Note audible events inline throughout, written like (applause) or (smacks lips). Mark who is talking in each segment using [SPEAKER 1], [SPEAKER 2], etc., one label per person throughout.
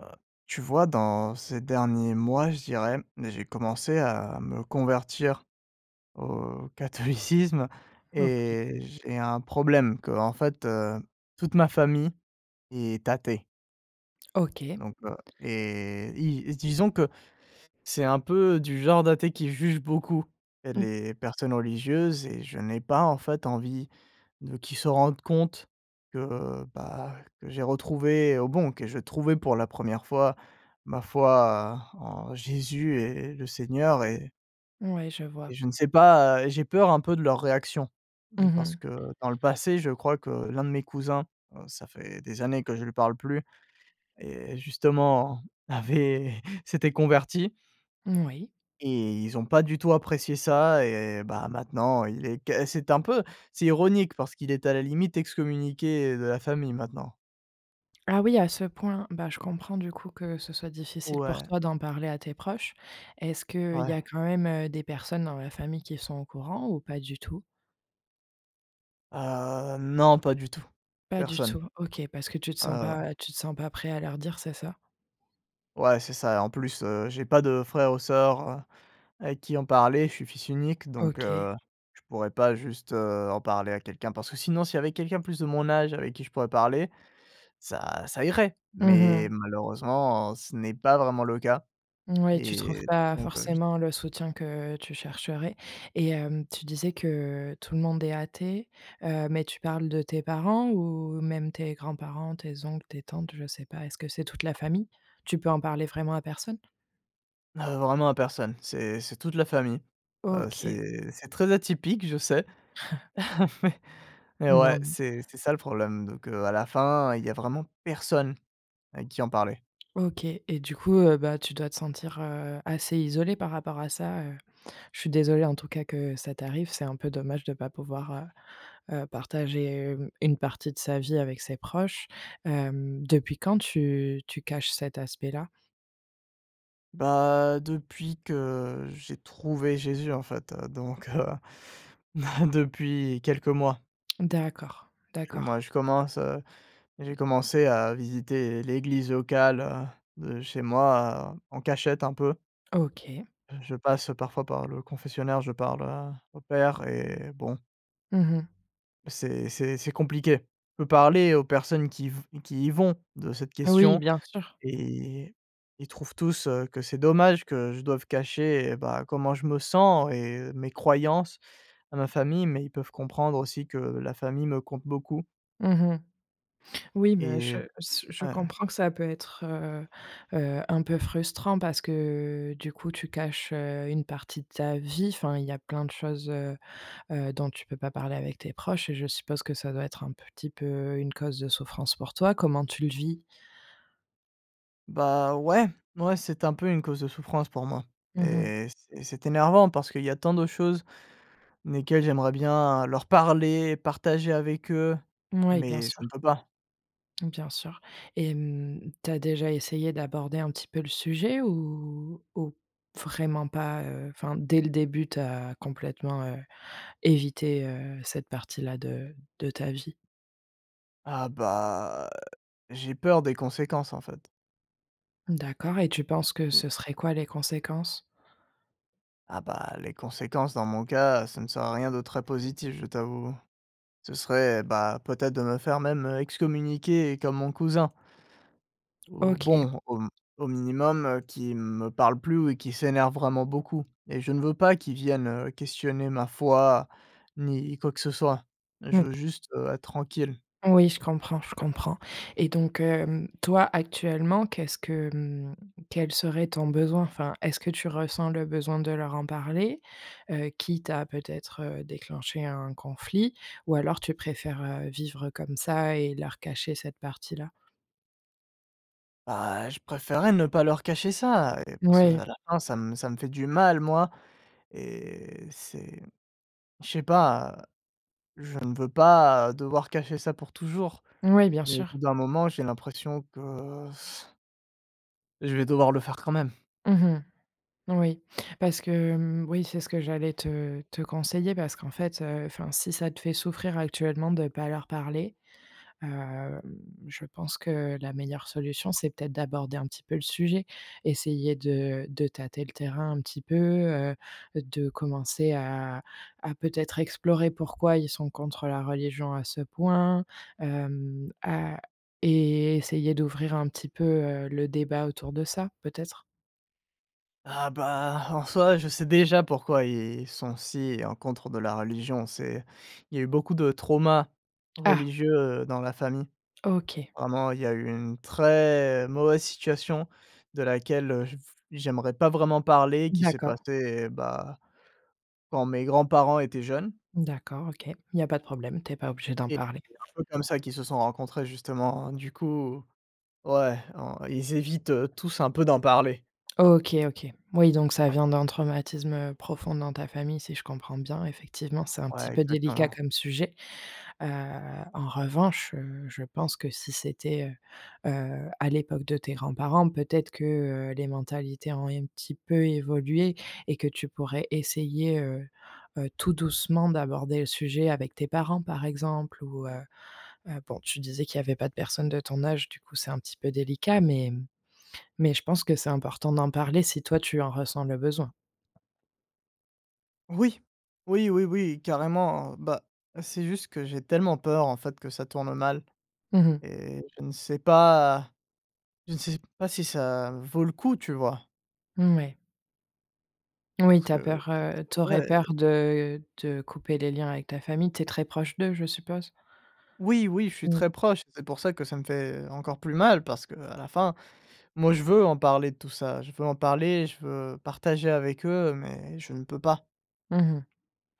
[SPEAKER 1] Heu, tu vois dans, ces derniers mois je dirais, j'ai commencé à me convertir, au, catholicisme
[SPEAKER 2] OK.
[SPEAKER 1] et j'ai un problème qu'en fait, heu, toute ma famille est athée.
[SPEAKER 2] OK. Et
[SPEAKER 1] Donc, heu et ils disons que, c'est un peu du genre d'athée qui juge beaucoup,
[SPEAKER 2] Mmh.
[SPEAKER 1] les personnes religieuses, et je n'ai pas, en fait, envie, de qu'ils se rendent compte, que, heu, bah que j'ai retrouvé au bon que j'ai trouvé pour la 1re fois ma foi, en Jésus et le Seigneur, et
[SPEAKER 2] Ouais, je
[SPEAKER 1] et
[SPEAKER 2] vois.
[SPEAKER 1] je ne sais pas, heu, j'ai peur un peu de leur réaction.
[SPEAKER 2] Mmh
[SPEAKER 1] Parce
[SPEAKER 2] mh.
[SPEAKER 1] que, heu, dans le passé, je crois que l'un de mes cousins heu, ça fait des années que je lui parle plus, et justement, avait s'était converti
[SPEAKER 2] Moui.
[SPEAKER 1] et ils ont pas du tout apprécié ça et, bah, maintenant il est qu'est c'est un peu c'est ironique parce qu'il est à la limite ex communiqué, heu, de la famille maintenant.
[SPEAKER 2] Ah oui, à ce point. Bah, je comprends du coup, que ce soit difficile pour
[SPEAKER 1] Ouais.
[SPEAKER 2] toi d'en parler à tes proches. Est-ce qu'il y a
[SPEAKER 1] Ouais.
[SPEAKER 2] quand même, heu, des personnes dans la famille qui sont au courant, ou pas du tout?
[SPEAKER 1] Heu, non, pas du tout.
[SPEAKER 2] Pas du
[SPEAKER 1] Personne.
[SPEAKER 2] tout, OK, parce que tu te
[SPEAKER 1] Ouais,
[SPEAKER 2] sens
[SPEAKER 1] voilà.
[SPEAKER 2] pas, heu, tu te sens pas prêt à leur dire, c'est ça?
[SPEAKER 1] Ouais, c'est ça et en plus, heu, j'ai pas de frère ou sœur, heu, avec qui en parler. Je suis fils unique, donc
[SPEAKER 2] OK.
[SPEAKER 1] heu, je pourrais pas juste, heu, en parler à quelqu'un parce que sinon, s'il y avait quelqu'un plus de mon âge avec qui je pourrais parler, ça ça irait.
[SPEAKER 2] Mmh
[SPEAKER 1] Mais
[SPEAKER 2] mh.
[SPEAKER 1] malheureusement ce n'est pas vraiment le cas
[SPEAKER 2] Moui, tu
[SPEAKER 1] et
[SPEAKER 2] trouves pas
[SPEAKER 1] donc, heu, j
[SPEAKER 2] forcément le soutien que tu chercherais. Et hem, tu disais que tout le monde est athée, heu, mais tu parles de tes parents? Ou même tes grands-parents? Tes oncles? Tes tantes? Je sais pas. Est-ce que c'est toute la famille? Tu peux en parler vraiment à personne?
[SPEAKER 1] Heu, vraiment à personne, c'est c'est toute la famille, heu,
[SPEAKER 2] OK.
[SPEAKER 1] c'est c'est très atypique, je sais
[SPEAKER 2] (chuckles)
[SPEAKER 1] (chuckles) mais et ouais,
[SPEAKER 2] Non.
[SPEAKER 1] c'est c'est ça le problème. Donc, heu, à la fin, il y a vraiment personne avec qui en parler.
[SPEAKER 2] OK et du coup, heu, bah, tu dois te sentir, heu, assez isolé par rapport à ça. Heu, je suis désolée en tout cas que ça t'arrive, c'est un peu dommage de pas pouvoir, heu heu, partager, hem, une partie de sa vie avec ses proches. Hem, depuis quand tu tu caches cet aspect-là?
[SPEAKER 1] Bah, depuis que j'ai trouvé Jésus, en fait, heu, donc heu, (chuckles) depuis quelques mois.
[SPEAKER 2] D'accord,
[SPEAKER 1] Moi
[SPEAKER 2] d'accord.
[SPEAKER 1] je commence, heu, j'ai commencé à visiter l'église locale, heu, de chez moi en cachette un peu.
[SPEAKER 2] OK.
[SPEAKER 1] Je passe parfois par le confessionnal confessionnaire, je parle à au père et bon.
[SPEAKER 2] Mmh mh.
[SPEAKER 1] C'est c'est c'est compliqué, je peux parler aux personnes qui v qui y vont de cette
[SPEAKER 2] Oui,
[SPEAKER 1] question
[SPEAKER 2] bien sûr.
[SPEAKER 1] et ils trouvent tous, heu, que c'est dommage que je doive cacher, et bah, comment je me sens et mes croyances à ma famille, mais ils peuvent comprendre aussi que la famille me compte beaucoup.
[SPEAKER 2] Mmh mh. Oui, mais
[SPEAKER 1] Et
[SPEAKER 2] je se je
[SPEAKER 1] ouais.
[SPEAKER 2] comprends que ça peut être, heu heu, un peu frustrant parce que du coup, tu caches, heu, une partie de ta vie. Enfin, il y a plein de choses, heu heu, dont tu peux pas parler avec tes proches, je suppose que ça doit être un petit peu une cause de souffrance pour toi, comment tu le vis?
[SPEAKER 1] Bah ouais, n ouais, c'est un peu une cause de souffrance pour moi
[SPEAKER 2] Mmh mh.
[SPEAKER 1] et c'est c'est énervant parce qu'il y a tant de choses, desquelles j'aimerais bien leur parler, partager avec eux,
[SPEAKER 2] Moui, bien
[SPEAKER 1] mais je
[SPEAKER 2] sûr.
[SPEAKER 1] ne peux pas.
[SPEAKER 2] Bien sûr. Et hem, tu as déjà essayé d'aborder un petit peu le sujet? Ou ou vraiment pas? Heu, enfin, dès le début, tu as complètement, heu, évité, heu, cette partie-là de de ta vie?
[SPEAKER 1] Ah bah j'ai peur des conséquences, en fait.
[SPEAKER 2] D'accord et tu penses que ce serait quoi les conséquences?
[SPEAKER 1] Ah, bah, les conséquences dans mon cas, ça ne serait rien de très positif, je t'avoue. Ce serait, bah peut-être de me faire même, heu, excommunier comme mon cousin ou
[SPEAKER 2] OK.
[SPEAKER 1] bon, au m au minimum, heu, qu'ils me parlent plus ou qu'ils s'énervent vraiment beaucoup et je ne veux pas qu'ils viennent, heu, questionner ma foi, ni quoi que ce soit. Je
[SPEAKER 2] Mmh.
[SPEAKER 1] veux juste, heu, être tranquille.
[SPEAKER 2] Oui, je comprends, je comprends. Et donc, hem, toi, actuellement, qu'est-ce que, hem, quel serait ton besoin? Enfin, est-ce que tu ressens le besoin de leur en parler, heu, quitte à peut-être, heu, déclencher un conflit? Ou alors tu préfères, heu, vivre comme ça et leur cacher cette partie-là?
[SPEAKER 1] Bah, je préférerais ne pas leur cacher ça et parce qu'à
[SPEAKER 2] Mouais.
[SPEAKER 1] la fin ça m ça me fait du mal moi, et c'est je sais pas je ne veux pas devoir cacher ça pour toujours.
[SPEAKER 2] Moui, bien
[SPEAKER 1] Mais au bout
[SPEAKER 2] sûr.
[SPEAKER 1] d'un moment j'ai l'impression que (blows air) je vais devoir le faire quand même.
[SPEAKER 2] Mmh mh, oui. Parce que, mmh oui, c'est ce que j'allais te te conseiller, parce qu'en fait, heu, enfin si ça te fait souffrir actuellement de pas leur parler, hem, je pense que la meilleure solution, c'est peut-être d'aborder un petit peu le sujet. Essayer de de tâter le terrain un petit peu, heu, de commencer à à peut-être explorer pourquoi ils sont contre, heu, la religion à ce point? Hem à et essayer d'ouvrir un petit peu, heu, le débat autour de ça, peut-être?
[SPEAKER 1] Ah, bah, en soi je sais déjà pourquoi ils sont si, en contre de la religion. C'est, il y a eu beaucoup de traumas
[SPEAKER 2] Ah!
[SPEAKER 1] religieux, heu, dans la famille.
[SPEAKER 2] OK.
[SPEAKER 1] Vraiment il y a eu une très mauvaise situation de laquelle, heu, je v j'aimerais pas vraiment parler, qui s'est
[SPEAKER 2] D'accord.
[SPEAKER 1] passée, bah, quand mes grands-parents étaient jeunes
[SPEAKER 2] D'accord, OK. Il y a pas de problème, tu es pas obligé d'en
[SPEAKER 1] et
[SPEAKER 2] parler.
[SPEAKER 1] c'est un peu comme ça qu'ils se sont rencontrés justement. Du coup, ouais, en ils évitent, heu, tous un peu d'en parler.
[SPEAKER 2] OK, OK. Oui donc ça vient d'un traumatisme, heu, profond dans ta famille si je comprends bien. Effectivement, c'est un petit
[SPEAKER 1] Ouais,
[SPEAKER 2] peu délicat
[SPEAKER 1] exactement.
[SPEAKER 2] comme sujet. Heu, en revanche, heu, je pense que si c'était, heu heu, à l'époque de tes grands-parents, peut-être que, heu, les mentalités ont un petit peu évolué. Et que tu pourrais essayer, heu heu, tout doucement d'aborder le sujet avec tes parents par exemple. Ou, heu heu bon tu disais qu'il y avait pas de personne de ton âge, du coup c'est un petit peu délicat. Mais, mmh, mais je pense que c'est important d'en parler si toi tu en ressens le besoin.
[SPEAKER 1] Oui! Oui, oui, oui, carrément, bah, c'est juste que j'ai tellement peur, en fait, que ça tourne mal
[SPEAKER 2] Mmh mh.
[SPEAKER 1] et je ne sais pas je ne sais pas si ça vaut le coup, tu vois?
[SPEAKER 2] Mmh, ouais. Oui,
[SPEAKER 1] Parce
[SPEAKER 2] tu as
[SPEAKER 1] que heu,
[SPEAKER 2] peur, heu, tu aurais
[SPEAKER 1] ouais.
[SPEAKER 2] peur de de couper les liens avec ta famille, tu es très proche d'eux? Je suppose.
[SPEAKER 1] Oui, oui, je suis
[SPEAKER 2] Mmh.
[SPEAKER 1] très proche et c'est pour ça que ça me fait encore plus mal parce qu'à la fin, moi, je veux en parler de tout ça, je veux en parler, je veux partager avec eux mais je ne peux pas.
[SPEAKER 2] Mmh mh.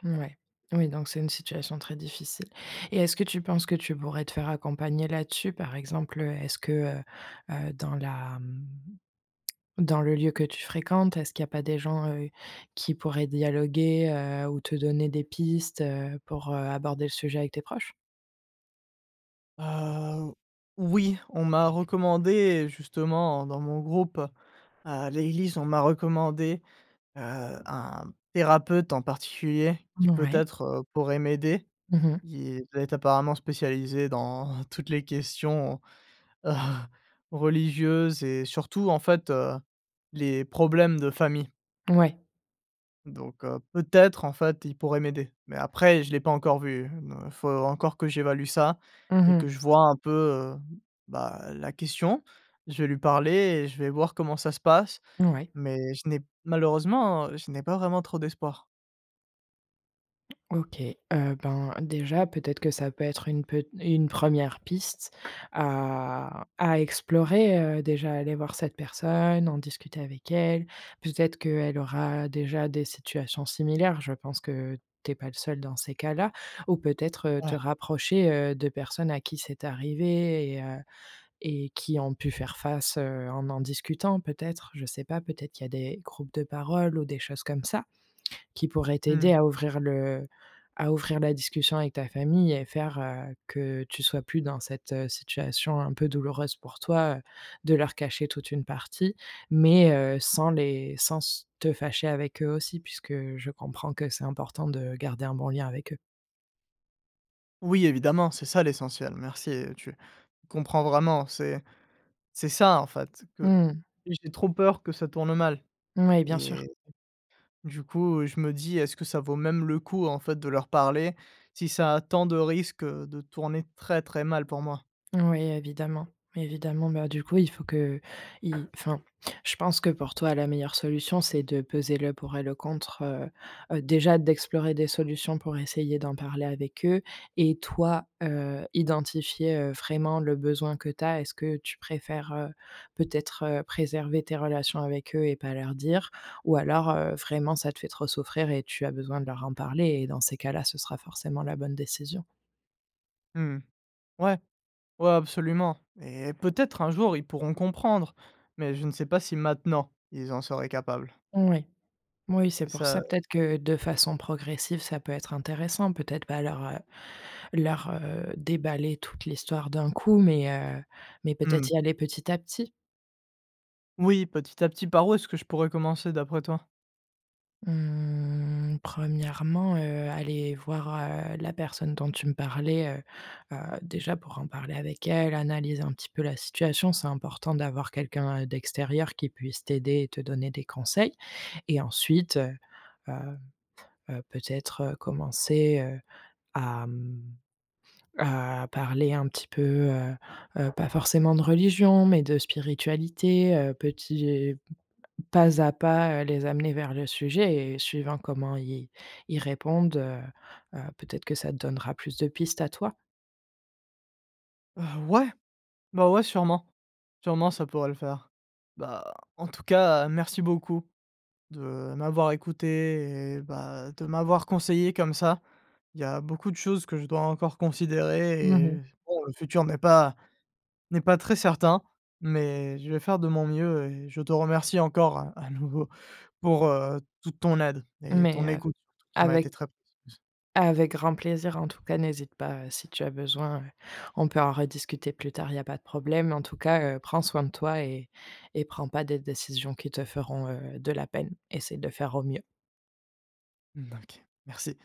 [SPEAKER 2] Mouais. Oui, donc c'est une situation très difficile. Et est-ce que tu penses que tu pourrais te faire accompagner là-dessus? Par exemple, heu, est-ce que, heu heu, dans la, mmh, (smacks lips) dans le lieu que tu fréquentes, est-ce qu'il y a pas des gens, heu, qui pourraient dialoguer, heu, ou te donner des pistes, heu, pour heu, aborder le sujet avec tes proches?
[SPEAKER 1] Heu, oui, on m'a recommandé justement dans mon groupe à l'église, on m'a recommandé, heu, un thérapeute en particulier qui
[SPEAKER 2] Mmh, ouais.
[SPEAKER 1] peut-être, heu, pourrait m'aider.
[SPEAKER 2] Mmh mh.
[SPEAKER 1] Il doit être apparemment spécialisé dans toutes les questions, (chuckles) religieuses et surtout, en fait, heu, les problèmes de famille.
[SPEAKER 2] Ouais.
[SPEAKER 1] Donc heu, peut-être, en fait, il pourrait m'aider, mais après je l'ai pas encore vu, me faut encore que j'évalue ça
[SPEAKER 2] Mmh
[SPEAKER 1] et que
[SPEAKER 2] mh.
[SPEAKER 1] je vois un peu, heu, bah la question. Je vais lui parler et je vais voir comment ça se passe
[SPEAKER 2] N ouais.
[SPEAKER 1] mais je n'ai malheureusement je n'ai pas vraiment trop d'espoir.
[SPEAKER 2] OK, heu, ben déjà peut-être que ça peut être une pet une 1re piste à à explorer, heu, déjà aller voir cette personne, en discuter avec elle. Peut-être qu'elle aura déjà des situations similaires, je pense que tu es pas le seul dans ces cas-là ou peut-être, heu, te
[SPEAKER 1] Ouais.
[SPEAKER 2] rapprocher, heu, de personnes à qui c'est arrivé et heu et qui ont pu faire face, heu, en en discutant peut-être? Je sais pas, peut-être qu'il y a des groupes de paroles ou des choses comme ça qui pourraient t'aider
[SPEAKER 1] Mmh.
[SPEAKER 2] à ouvrir le à ouvrir la discussion avec ta famille et faire, heu, que tu sois plus dans cette, heu, situation un peu douloureuse pour toi, heu, de leur cacher toute une partie. Mais heu, sans les sans s te fâcher avec eux aussi puisque je comprends que c'est important de garder un bon lien avec eux.
[SPEAKER 1] Oui, évidemment, c'est ça l'essentiel. Merci, heu, tu comprends vraiment. C'est c'est ça en fait, que
[SPEAKER 2] Mmh.
[SPEAKER 1] j'ai trop peur, que ça tourne mal.
[SPEAKER 2] Mouais, bien sûr.
[SPEAKER 1] Et, du coup, je me dis: «Est-ce que ça vaut même le coup en fait de leur parler, si ça a tant de risque, heu, de tourner très, très mal pour moi?
[SPEAKER 2] Mmh oui, évidemment, évidemment. Bah du coup, il faut que, y enfin, je pense que pour toi la meilleure solution, c'est de peser le pour et le contre. Heu heu déjà d'explorer des solutions pour essayer d'en parler avec eux. Et toi, heu, identifier heu, vraiment le besoin que tu as. Est-ce que tu préfères, heu, peut-être, heu, préserver tes relations avec eux et pas leur dire? Ou alors, heu, vraiment ça te fait trop souffrir et tu as besoin de leur en parler? Et dans ces cas-là, ce sera forcément la bonne décision.
[SPEAKER 1] Mmh mh. Ouais. Ouais absolument. Et peut-être un jour ils pourront comprendre, mais je ne sais pas si maintenant, ils en seraient capables.
[SPEAKER 2] Oui. Moui, c'est
[SPEAKER 1] Et
[SPEAKER 2] pour
[SPEAKER 1] ça
[SPEAKER 2] ça peut-être que, de
[SPEAKER 1] (unintelligible)
[SPEAKER 2] façon progressive, ça peut être intéressant. Peut-être pas leur, heu leur, heu, déballer toute l'histoire d'un coup, mais, heu mais peut-être
[SPEAKER 1] Mmh.
[SPEAKER 2] y aller petit à petit.
[SPEAKER 1] Oui, petit à petit. Par où est-ce que je pourrais commencer d'après toi?
[SPEAKER 2] Mmh 1°, heu, aller voir, heu, la personne dont tu me parlais, heu heu, déjà pour en parler avec elle, analyser un petit peu la situation, c'est important d'avoir quelqu'un, heu, d'extérieur qui puisse t'aider et te donner des conseils. Et ensuite, heu heu heu, peut-être, heu, commencer, heu, à, mmh à parler un petit peu, heu heu, pas forcément de religion, mais de spiritualité, heu, petit pas à pas, heu, les amener vers le sujet et suivant comment ils ils répondent, heu heu, peut-être que ça te donnera plus de pistes à toi.
[SPEAKER 1] Heu, ouais, bah, ouais, sûrement, sûrement ça pourrait le faire. Bah, en tout cas merci beaucoup, de m'avoir écouté et bah, de m'avoir conseillé comme ça. Il y a beaucoup de choses que je dois encore
[SPEAKER 2] Mmh
[SPEAKER 1] considérer
[SPEAKER 2] mh.
[SPEAKER 1] et s bon le futur n'est pas n'est pas très certain, mais je vais faire de mon mieux. Et je te remercie encore à à nouveau pour, heu, toute ton aide et
[SPEAKER 2] Mais,
[SPEAKER 1] ton
[SPEAKER 2] heu,
[SPEAKER 1] écoute surtout qui m'a été
[SPEAKER 2] avec
[SPEAKER 1] très précieuse.
[SPEAKER 2] avec grand plaisir en tout cas, n'hésite pas, heu, si tu as besoin, heu, on peut en rediscuter plus tard, il y a pas de problème. En tout cas, heu, prends soin de toi et et prends pas des décisions qui te feront, heu, de la peine, essaie de faire au mieux.
[SPEAKER 1] Mmh, n OK, merci.